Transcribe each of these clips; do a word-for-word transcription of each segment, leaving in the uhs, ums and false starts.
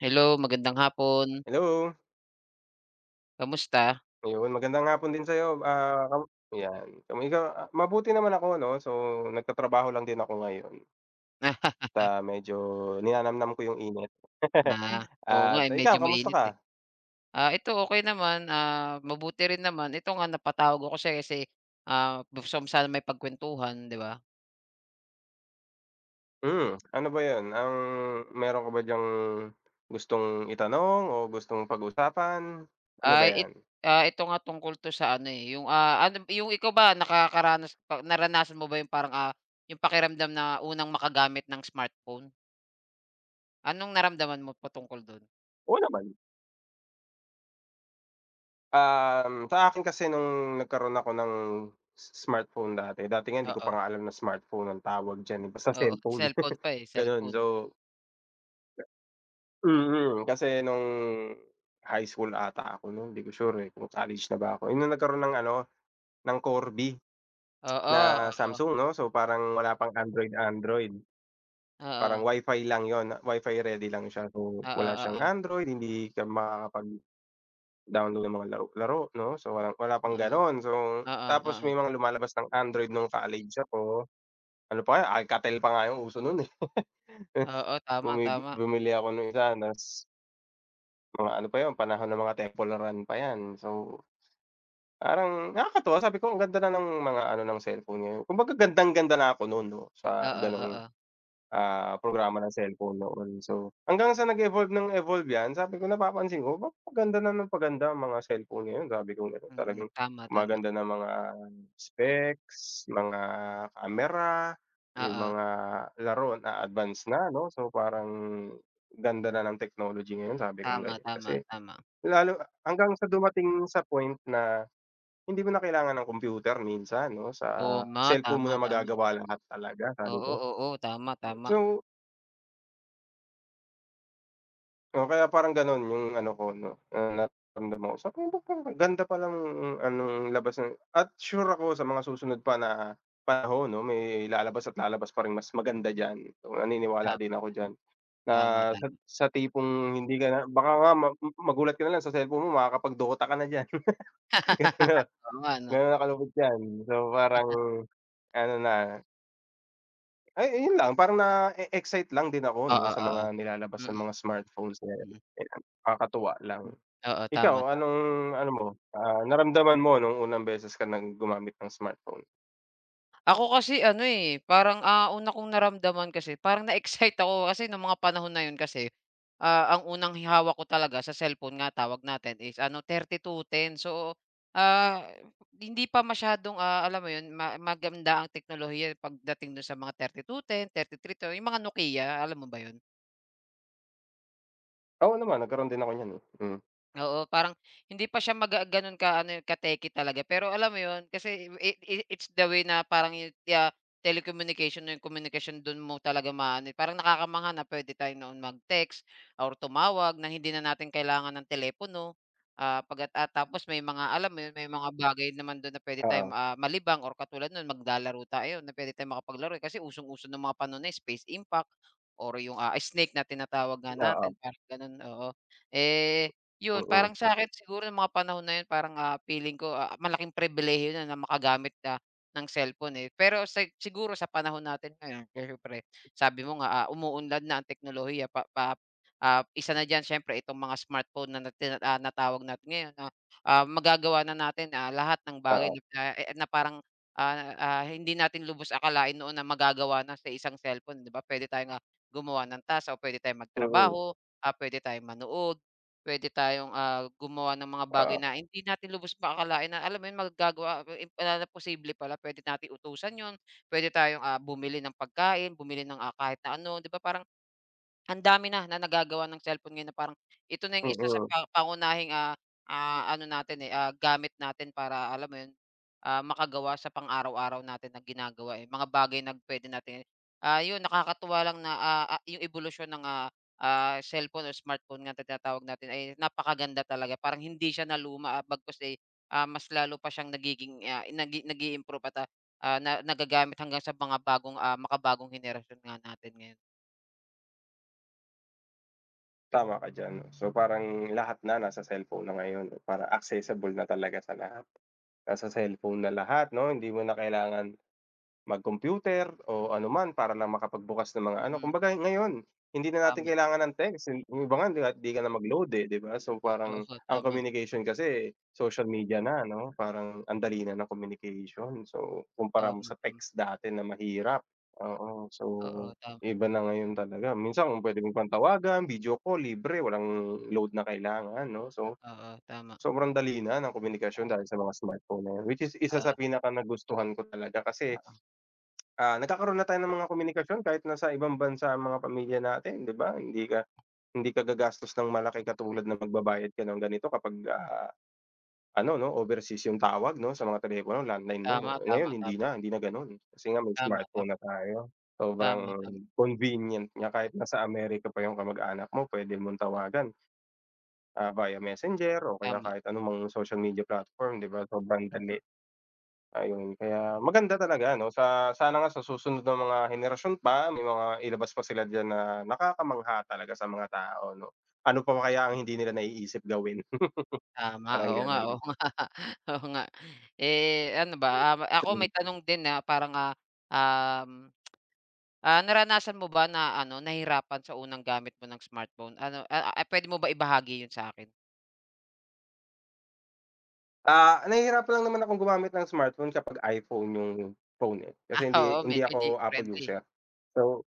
Hello, magandang hapon. Hello! Kamusta? Ayun, magandang hapon din sa'yo, ah, kam yan [unintelligible] mabuti naman ako, 'no? So, nagtatrabaho lang din ako ngayon. Ta medyo ninanamnam ko yung init. Ah, oo nga At eh, medyo ikaw, kamusta mainit ka? eh. Ah, ito okey naman, ah, mabuti rin naman. Ito nga napatawag ako kasi kasi, ah, gusto ko sana makipagkwentuhan, 'di ba? Hmm, ano ba yon, ang meron ka ba dyang gustong itanong o gustong pag-usapan? Ano ba Ay it yan? ito nga, tungkol 'to sa ano eh, yung, ah, ano, yung ikaw ba nakakaranas naranasan mo ba yung parang, ah, yung pakiramdam na unang makagamit ng smartphone? Anong naramdaman mo patungkol do'n? Oo naman. Um, sa akin kasi nung nagkaroon ako ng s smartphone dati, dati nga hindi ko Oo. pa nga alam na smartphone ang tawag dyan eh, basta Oo, cellphone, cellphone pa eh, gano'n. cellphone. So Mm, kasi nung high school 'ata ako no'n, hindi ko sure eh kung college na ba ako eh, nung nagkaroon ng ano, ng Corby na Oo oo. Samsung, 'no? So, parang wala pang Android Android. Oo. Parang wifi lang 'yon, wifi ready lang siya. So, Oo wala siyang oo. Android, hindi ka makakapag-download ng mga laro laro, 'no? So, walang wala pang Oo, gano'n. So, oo, tapos oo. may mga lumalabas ng Android nung college ako, ano pa nga, Alcatel pa nga yung uso no'n eh. Oo. Tama, Bumi tama. bumili ako nung isa, nas Mga ano pa yun, panahon ng mga Temple Run pa yan. So, parang nakakatuwa sabi ko, "Ang ganda na ng mga ano ng cellphone ngayon," kumbaga gandang-ganda na ako nun 'no, sa Oo, ganung, oo. ah, programa ng cellphone noon. So, hanggang sa nag-evolve ng evolve yan, sabi ko napapansin ko, "'Ba paganda na ng paganda ang mga cellphone ngayon," sabi kong gano'n. Mm, Talagang tama, tama. maganda na mga specs, mga camera, yung Oo. mga laro na advance na, 'no? So, parang "Ganda na ng technolog ngayon," sabi kong Tama, ganyan, tama, kasi tama. lalo hanggang sa dumating sa point na hindi mo na kailangan ng computer minsan 'no, Oo "sa ma. cellphone mo Tama, na tami. magagawa lahat talaga," sabi Oo, ko. oo. Tama, tama. So O kaya parang ganun yung ano ko, 'no, nararamdam ko. Sabi ko "Ba't parang ang ganda palang anong labas na," at sure ako sa mga susunod pa na panahon 'no, may lalabas at lalabas pa ring mas maganda diyan. Naniniwala Tama, din ako ganun. diyan na Tama, sa tangi. sa tipong hindi ka na baka nga ma magulat ka nalang sa cellphone mo makakapag Dota ka na diyan, [unintelligible] Oo nga, 'no? ganon na kalupit 'yan. So, parang ano na Ay, ayun lang, parang na-eexcite lang din ako 'no, Oo, sa oo. mga nilalabas Mm. ng mga smartphones na, 'yan. Mm. Ayan. Kakatuwa lang. Hmm. Oo, tama, Ikaw tama. anong, ano mo, ah, naramdaman mo nung unang beses ka ng gumamit ng smartphone? Ako kasi ano, eh, parang, ah, una kong naramdaman kasi parang na-excite ako. Kasi no'ng mga panahon na yun kasi, ah, ang unang hi hawak ko talaga, sa cellphone nga tawag natin is ano, thirty two ten. So, ah, hindi pa masyadong, ah, alam mo yun ma maganda ang teknolohiya, eh, pagdating do'n sa mga thirty two ten, thirty three two. Yung mga Nokia, alam mo ba yun? Oo naman, nagkaro'n din ako niyan, eh. Hmm. Oo, parang, hindi pa siya maga gano'n ka ano, eh, ka-techy talaga, eh. Pero alam mo yun, kasi i i it's the way na parang yu ti ah, telecommunication na komunikasyon, do'n mo talaga ma-a-ano, eh parang nakakamangha na puwede tayo noon mag-text, or tumawag na hindi na natin kailangan ng telepono. Ah, pagkat ah, tapos, may mga alam mo yun? May mga bagay naman do'n na puwede Oo. tayong, ah, malibang or katulad no'n, maglalaro tayo, na puwede tayong makapaglaro. Kasi usong-uso no'ng mga panahon na yun, Space Impact or yung, ah, Snake na tinatawag nga Oo. natin, parang ganun. Oo. Eh, yun, Mm. parang sakin, siguro yung mga panahon na yun parang, ah, feeling ko, ah, malaking pribilehiyo na na makagamit ka ng cellphone, eh. Pero sa siguro sa panahon natin ngayon, siyempre sabi mo nga, ah, umuunlad na ang teknolohiya. Pa pa ah, isa na diyan siyempre itong mga smartphone, na na tina ah, natawag natin ngayon na, ah, magagawa na natin, ah, lahat ng bagay Oo. [unintelligible] eh eh, na parang, ah, ah, hindi natin lubos akalain noon na magagawa na sa isang cellphone, 'di ba? Puwede tayong, ah, gumawa ng task o puwede tayong Mm. magtrabaho, ah, puwede tayong manood, puwede tayong, ah, gumawa ng mga bagay Oo. na hindi natin lubos pa akalain na alam mo yun? Magagawa [unintelligible] na na posible pala. Puwede natin utusan yun, puwede tayong, ah, bumili ng pagkain, bumili ng, ah, kahit na ano, 'di ba? Parang ang dami na, na nagagawa ng cellphone ngayon na parang, ito na yung isa sa Mm. pa pangunahing, ah, ah, ano natin, eh, ah, gamit natin. Para alam mo yun, ah, makagawa sa pang-araw-araw natin na ginagawa, eh. Mga bagay na puwede natin i ah, yun, nakakatuwa lang na, ah, ah, yung ebolusyon ng, ah, ah, cellphone or smartphone nga tinatawag natin, ay napakaganda talaga. Parang hindi siya naluma, ah, bagkus, eh, ah, mas lalo pa siyang nagiging, ah, nagi nag-iimprove at, ah, ah, na nagagamit hanggang sa mga bagong, ah, makabagong henerasyon nga natin ngayon. Tama ka diyan 'no, so parang lahat na na sa cellphone na ngayon para accessible na talaga sa lahat. Nasa cellphone na lahat 'no hindi mo na kailangan mag-computer o ano man para lang makapagbukas ng mga ano Mm. kumbaga ngayon hindi na natin Tama. kailangan ng text yung iba nga kahit di ka na mag-load, eh, di ba? So, Oo, parang po ang tama. communication kasi social media na 'no parang ang dali na ng communication. So, kumpara mo Tama. sa text dati na mahirap oo so Oo, tama. iba na ngayon talaga minsan kung pwede ko pang tawagan video call libre walang load na kailangan 'no. So, Oo, tama. sobrang dali na ng komunikasyon Oo. dahil sa mga smartphone na 'yan which is isa sa Oo. pinakanagustuhan ko talaga. Kasi, Oo. ah, nagkakaroon na tayo ng mga komunikasyon kahit na sa ibang bansa ang mga pamilya natin, di ba? Hindi ka hindi ka gagastos ng malaki katulad ng pagbabayad ka ng ganito kapag, ah, ano 'no, overseas yung tawag 'no sa mga telepono landline mo Tama, ngayon tama, hindi tama. na hindi na ganun kasi nga may Tama, tama, smartphone na tayo tama, sobrang tama. convenient nga kahit na sa America pa yung kamag-anak mo puwede mong Oo. tawagan. Ah, via Messenger o kaya Tama. kahit anong mga social media platform di ba, sobrang dali Mm. ayun kaya maganda talaga 'no sa sana nga sa susunod na mga henerasyon pa may mga ilabas pa sila diyan na nakakamangha talaga sa mga tao 'no, ano pa kaya ang Mm. hindi nila naiisip gawin. Tama, Parang oo nga ganun. oo nga oo nga, eh, ano ba, ah, ako may Hmm. tanong din na parang, ah, um, ah, naranasan mo ba na ano nahirapan sa unang gamit mo ng smartphone ano, ah, pwede mo ba ibahagi yun sa'kin? Ah, nahihirapan lang naman akong gumamit ng smartphone kapag iPhone yung phone eh. Ah, Kasi oo. hindi hindi Medyo 'di ako Apple friendly. user. So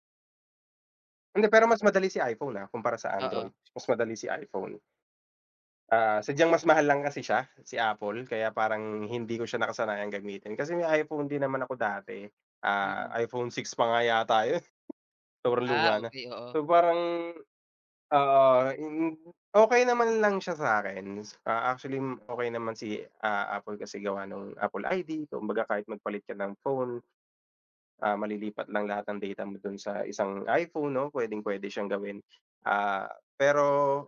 Hindi, pero mas madali si iPhone, ah, kumpara sa Android. Oo. Mas madali si iPhone. Ah, sadyang mas mahal lang kasi siya, si Apple kaya parang hindi ko siya nakasanayang gamitin. Kasi may iPhone din naman ako dati, ah, Mm. iPhone 6 pa nga yata yun sobrang Ah, luma na. okey. Oo. So, parang, ah, mm, okey naman lang siya sa 'kin. Ah, actually okey naman si, ah, Apple kasi gawa nung Apple I-D. Kumbaga kahit magpalit ka ng phone, ah, malilipat lang lahat ng data mo dun sa isang iPhone, 'no, puwedeng-puwede siyang gawin, ah, pero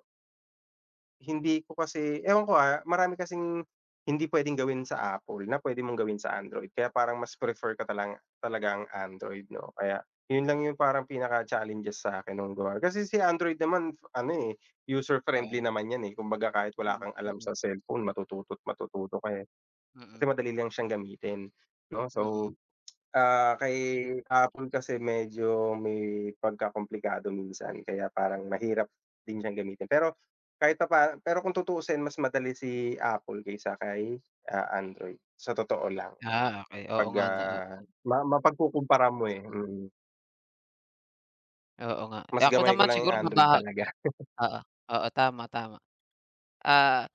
hindi ko kasi ewan ko, ah, marami kasing hindi puwedeng gawin sa Apple na puwede mong gawin sa Android kaya parang mas prefer ko talanga talaga ang Android, 'no? Kaya yun lang yung parang pinaka-challenges sa'kin nung gawa kasi si Android naman, ano eh, user friendly Oo. naman 'yan eh. Kumbaga kahit wala Mm, kang alam mm. sa cellphone matututo't matututo ka eh. Mm. Kasi madali lang siyang gamitin, 'no? Mm. So, ah, kay Apple kasi medyo may pagkakomplikado minsan kaya parang mahirap din siyang gamitin. Pero kahit papaano pero kung tutuusin mas madali si Apple kaysa kay, ah, Android sa totoo lang Ah, okey, oo 'pag, nga na o ah, ma mapagkukumpara mo eh, mm. Oo nga, Mas eh, ako gamay ko naman lang yung siguro Android maba talaga. oo. Oo, tama, tama. Ah,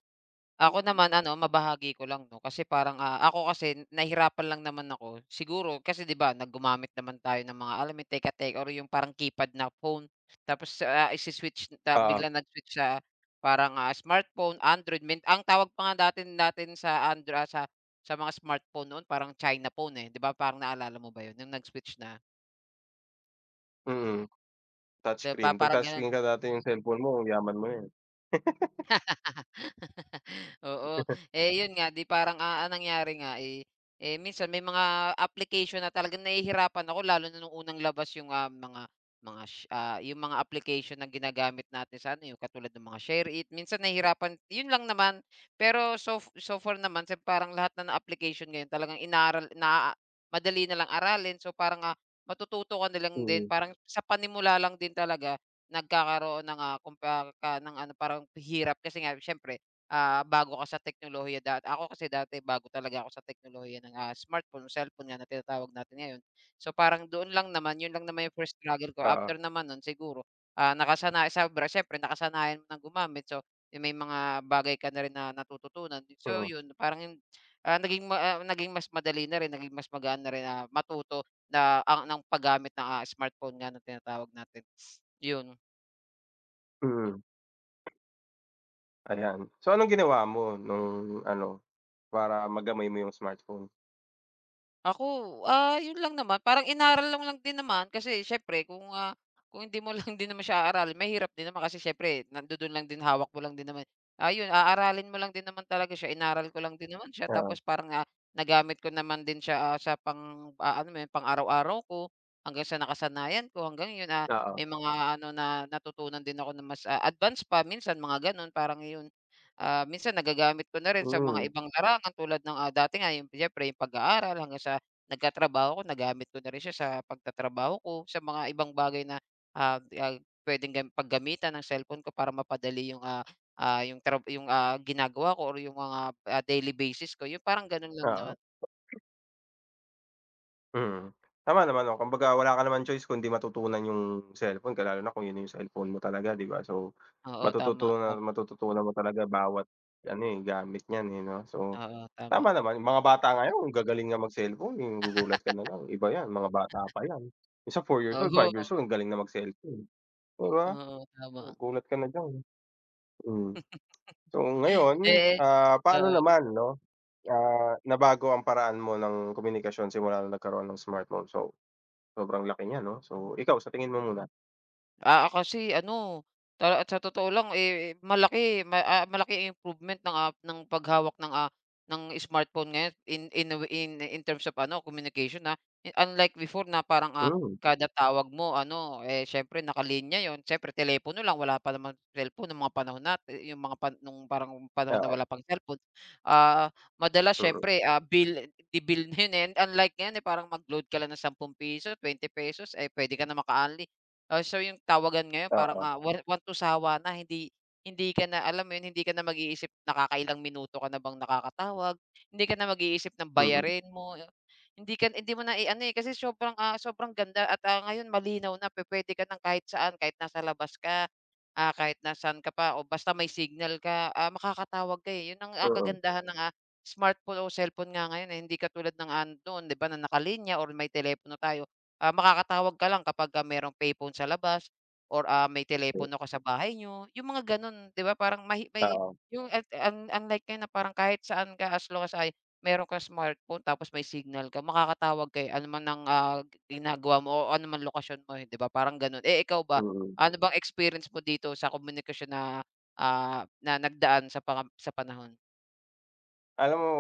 ako naman ano mabahagi ko lang 'no, kasi parang, ah, ako kasi nahirapan lang naman ako siguro kasi 'di ba na gumamit naman tayo ng mga, alam yung teka-tek or yung parang keypad na phone. Tapos, ah, isi-switch, ta Oo. biglang nag-switch sa, parang, ah, smartphone, Android min ang tawag pa nga datin natin sa Andra ah, sa, sa mga smartphone noon, parang China phone, eh, 'di ba, parang naalala mo ba 'yon? Yung nag-switch na. Mm. Touch 'Di ba, screen. 'Pag parang touch gano'n. screen ka dati yung cellphone mo yaman mo 'yan. Oo. Eh, 'yon nga 'di parang, ah, ang nangyari nga, eh, eh, minsan may mga application na talagang nahihirapan ako lalo na no'ng unang labas yung, ah, mga mga, sh ah yung mga application na ginagamit natin sa ano yu katulad ng mga SHAREit. Minsan nahihirapan, 'yon lang naman, pero sof so far naman, sem parang lahat na ng application ngayon talagang inaral, naaa madali na lang aralin. So parang, ah, matututo ka na lang din Mm. parang sa panimula lang din talaga, nagkakaroon ng, ah, kumparka ng ano, parang hirap kasi nga siyempre, ah, bago ka sa teknolohiya da ako kasi dati bago talaga ako sa teknolohiya ng, ah, smartphone o cellphone nga na tinatawag natin ngayon. So parang doon lang naman, 'yon lang naman 'yon lang naman yung first struggle ko Oo. after naman no'n siguro, ah, nakasanaya sobra, siyempre nakasanayan ng gumamit so, eh, may mga bagay ka na rin na natututunan, so Mm. 'yon parang yun, ah, naging ma ah naging mas madali na rin, naging mas magaan na rin, ah, matuto na ang, nang paggamit ng, ah, smartphone nga na tinatawag natin, 'yon. Mm. Ayan. So, anong ginawa mo nung ano para magamay mo yung smartphone? Ako, ah, yun lang naman parang inaaral lang din naman, kasi siyempre kung, ah, kung hindi mo lang din naman siya aaralin mahirap din naman. Kasi siyempre nandudun lang din, hawak mo lang din naman. Ayun, aaralin mo lang din naman talaga siya, inaaral ko lang din naman siya, Oo. tapos parang, ah, nagamit ko naman din siya, ah, sa pang, ah, alam mo yun, pang-araw-araw ko, hanggang sa nakasanayan ko, hanggang yun, ah, Oo. may mga ano na natutunan din ako na mas, ah, advance pa, minsan mga ganun. Parang iyon, ah, minsan nagagamit ko na rin sa mga Mm. ibang larangan tulad ng, ah, dati nga yung siyempre yung pag-aaral, hanggang sa nagkatrabaho ako. Nagamit ko na rin siya sa pagtatrabaho ko, sa mga ibang bagay na, ah, ah, pwedeng gam paggamitan ng cellphone ko para mapadali yung, ah, ah, yung trab ah, ginagawa ko or yung mga, ah, daily basis ko, yun parang ganun lang Oo. naman. Mm, tama naman, 'no. Kumbaga wala ka naman choice kundi matutunan yung cellphone, ka lalo na kung yun na yung cellphone mo talaga, di ba? So, Oo, tama, matututunan at tama. matututunan mo talaga bawat ano, eh, gamit niyan, eh, 'no? So, Oo, tama. tama naman. Mga bata ngayon ang gagaling nga mag-cellphone, eh, magugulat ka nalang, iba yan mga bata pa yan. Minsan four years old, five years Oho. old ang galing na mag-cellphone, di ba? Oo, tama. Magugulat ka na diyan, mm. So, ngayon, Eh ah, paano oo. naman, 'no, ah, nabago ang paraan mo ng komunikasyon simula nung nagkaroon ng smartphone. So, sobrang laki niyan, 'no? So, ikaw sa tingin mo muna? Ah, ah, kasi ano, ta at sa totoo lang, eh, malaki ma ah, malaking improvement ng, ah, ng paghawak ng, ah, ng smart phone ngayon in in a way, in in terms of ano, communication, ha. Eh, unlike before na parang, ah, Hmm. kada tawag mo ano, eh, siyempre nakalinya yun, siyempre telepono lang wala pa namang cellphone nung mga panahon natin, yung mga pan nung parang panahon na Oo. wala pang selpon. Ah, madalas Mm. siyempre, ah, bil bibilhin, eh, unlike ngayon, eh, parang mag-load ka lang ng sampung piso, bente pesos, eh, puwede ka na maka-unli. Ah, so yung tawagan ngayon parang, Oo. ah, one one to sawa na hindi hindi ka na, alam mo yun, hindi ka na mag-iisip, nakakailang minuto ka na bang nakakatawag? Hindi ka na mag-iisip ng Mm. bayarin mo, yung hindi ka na hindi mo na, i-ano, eh, kasi sobrang, ah, sobrang ganda at, ah, ngayon malinaw na pu-puwede ka ng kahit saan, kahit nasa labas ka, ah, kahit nasaan ka pa o basta may signal ka, ah, makakatawag ka, eh, yun ang, ah, Oo. kagandahan ng, ah, smartphone o selpon nga ngayon, eh, hindi katulad ng, ah, amin noon 'di ba, na nakalinya or may telepono tayo. Ah, makakatawag ka lang kapagka merong payphone sa labas or, ah, may telepono ka sa bahay niyo, yung mga ganun. 'Di ba, parang may hi may Oo. yung ang ang un unlike ngayon na parang kahit saan ka as long as ay, meron kang smartphone tapos may signal ka, makakatawag ka, eh, ano man ang, ah, ang ginagawa mo o ano man lokasyon mo, eh, 'di ba, parang ganun, eh. Ikaw ba? Mm. Ano bang experience mo dito sa komunikasyon na, ah, na nagdaan sa mga sa panahon? Alam mo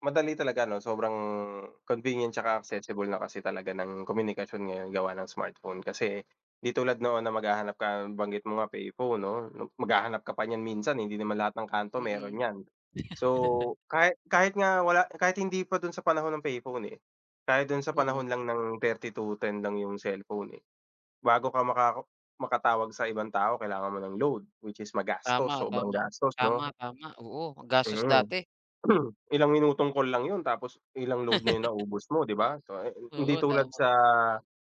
madali talaga ano, sobrang convenient tsaka accessible na kasi talaga ng komunikasyon ngayon gawa ng smartphone. Kasi di tulad noon na maghahanap ka, nabanggit mo nga, payphone, 'no, maghahanap ka pa niyan minsan, eh, hindi naman lahat ng kanto meron Mm. niyan. So, kahit kahit nga wala kahit hindi pa dun sa panahon ng payphone, eh, kahit dun sa Mm. panahon lang ng thirty two ten lang yung cellphone, eh. Bago ka maka makatawag sa ibang tao kailangan mo ng load, which is magastos, Tama, sobrang tama. gastos, 'no? Tama, tama, oo, magastos Mm. dati. Ilang minutong call lang yun tapos ilang load na yung naubos mo, 'di ba? So, eh, hindi Oo, tulad tama. sa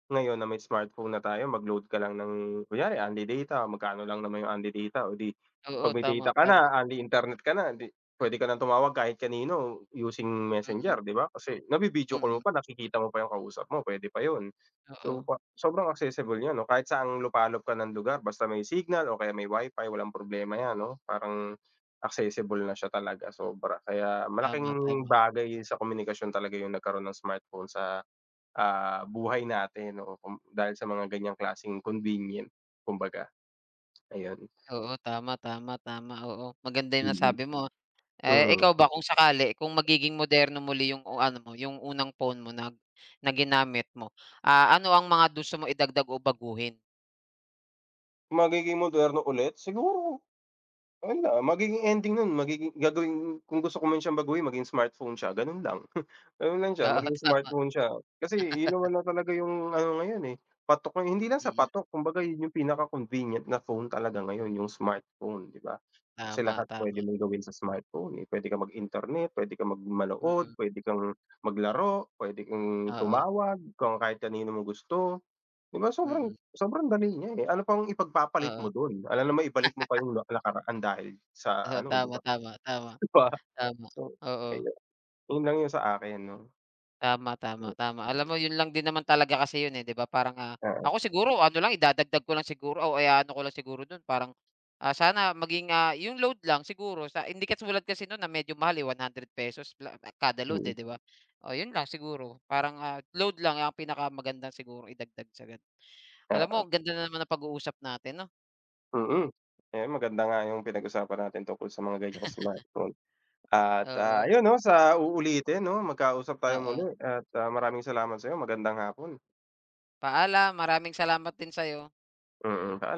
ngayon na may smartphone na tayo mag-load ka lang ng kunyari unli data, magkano lang naman yung unli data. O di 'pag Oo, may tama, data ka tama. na, unli internet ka na, hindi pwede ka ng tumawag kahit kanino using Mm. Messenger, 'di ba? Kasi navi-video call mo Mm. pa, nakikita mo pa yung kausap mo, pwede pa yun. So, Oo. pa sobrang accessible yun, ano? Kahit saang lupalop ka ng lugar basta may signal o kaya may Wi-Fi, walang problema yan, 'no? Parang accessible na siya talaga sobra. Kaya Tama, malaking tama. bagay sa komunikasyon talaga yung nagkaroon ng smartphone sa, ah, buhay natin, oo. Kum dahil sa mga ganyang klaseng convenient kumbaga, ayun. Oo, tama, tama, tama. Oo. Maganda yung Mm. nasabi mo. Eh, Mm. ikaw ba, kung sakali, kung magiging moderno muli yung ano mo, yung unang phone mo na ginamit mo, ah, ano ang mga gusto mo idagdag o baguhin? Magiging moderno ulit? Siguro, wala, magiging ending nun magiging gagawing kung gusto ko man siyang baguhin maging smartphone siya, ganun lang. Ganun lang siya, Oo, maging tama. smartphone siya. Kasi iyon naman na talaga yung ano ngayon eh, patok eh. Hindi lang sa Mm. patok kumbaga 'yon yung pinaka-convenient na phone talaga ngayon, yung smartphone, di ba? Kasi Tama, lahat tama. puwede mong gawin sa smartphone eh, puwede kang mag-internet, puwede kang mag manood, Mm. puwede kang maglaro, puwede kang Oo. tumawag kung kahit kanino mo gusto. 'Di ba sobrang Mm. sobrang dali niya eh. Ano pang ipagpapalit Oo. mo dun, alangan naman ibalik mo pa yung nak nakaraan dahil sa ano, 'di Tama, ba? tama, tama. Di ba? Tama, So, oo. ayun. Yun lang yung sa akin, 'no? Tama, Hmm. tama, tama. Alam mo yun lang din naman talaga kasi yun eh, di ba, parang, ah, Oo. ako siguro ano lang, idadagdag ko lang siguro o kaya i-aano ko lang siguro dun parang, ah, sana maging, ah, yung load lang siguro sa hindi katulad kasi noon na medyo mahal eh, one hundred pesos pla kada load Mm. eh, di ba? Oh, yun lang siguro, parang, ah, load lang ang pinakamagandang sigurong idagdag sa ganun. Alam mo Oo. ang ganda na naman ng pag-uusap natin, 'no? Mm. Ayan, maganda nga yung pinag-usapan natin tungkol sa mga ganiyang smartphone, at, ah, Oo. ayun 'no, sa uulitin 'no, magkausap tayo muli Oo. at, ah, maraming salamat sa'yo. Magandang hapon. Paalam. Maraming salamat din sa'yo. Mm, paal